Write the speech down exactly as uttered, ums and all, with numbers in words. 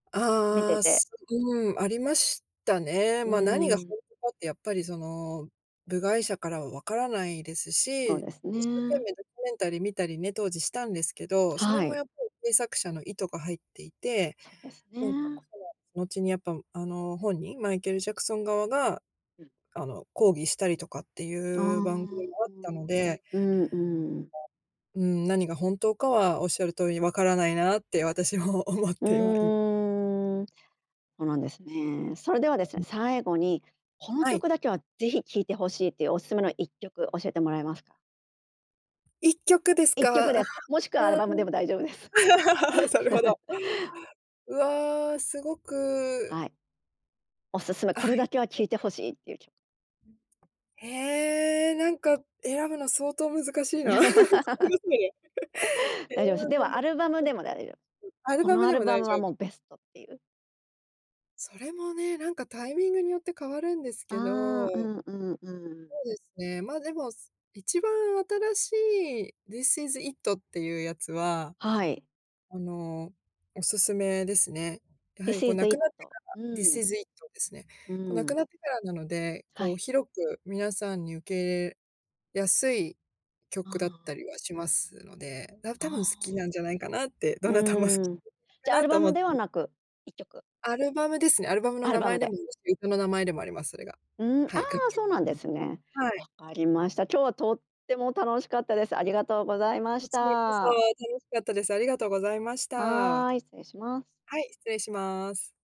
見てああ。て。うん。ありましたね。うーま、何がほん。んとかってやっぱりその、部外者からは分からないですそし、う一です生懸ね。命ドキュメンタリー見たりね、当時したんですけど、それはもやい。っぱり制作者の意図が入っていて、そうですとにかくね。その、後にやっぱ、あの本人、マイケルジャクソン側が、うん。あの抗議したりとかってああ。いう番組があったのでうんうん。まあ、うん。何が本当かは仰る通りに分からないなって私も思っうては、いーん。ほうなんですね。それではですね、最後に、このはい。曲だけはぜひ聴いて欲しいというおすすめのいっきょく教えてもらえますか？いっきょくですいっか？きょくあであ。す。もしくはアルバムでも大丈夫です。それほ ど。うわあ、すごくはい。お勧め。あ、いこっれだきけは聴いてょく欲しいっていうきょへえ、なんか選ぶの相当難しいな。そこ [unintelligible] え大え、丈夫す。なんでだはろ。アルバムでもだいよ [unintelligible] アルこバのムアでルも大バム丈は夫もうベストっていう。それもね、なんかタイミングによって変わるんですけど。ああ、うんうんうん。そうですね。まあでも、一番新しいディスイズイットっていうやつは、はい。あの、おすすめですね。やはディりスこうイ亡ズイくッなってト、からディうスん。イズイットですね。うこう亡ん。くなってからなので、はこうい。広く皆さんに受け入れやすいう曲だっん。たりはしますので、な多分好きああ。なんじゃないかなって、どうなたも好きん。なんじゃじゃアないかなルとバ思ムっではて。なく、いっきょく。アルバムですね。アルバムのアル名バ前ムでもで。あるし、歌の名前でもあります、それが。うん。あはい、楽あ、曲そうなんで [unintelligible] すね。はい。分かりました。今日はとっても楽しかったです。ありがとうございまこしちらこそ。た。楽しかったです。ありがとうございました。ははい、失礼します。い、失礼します。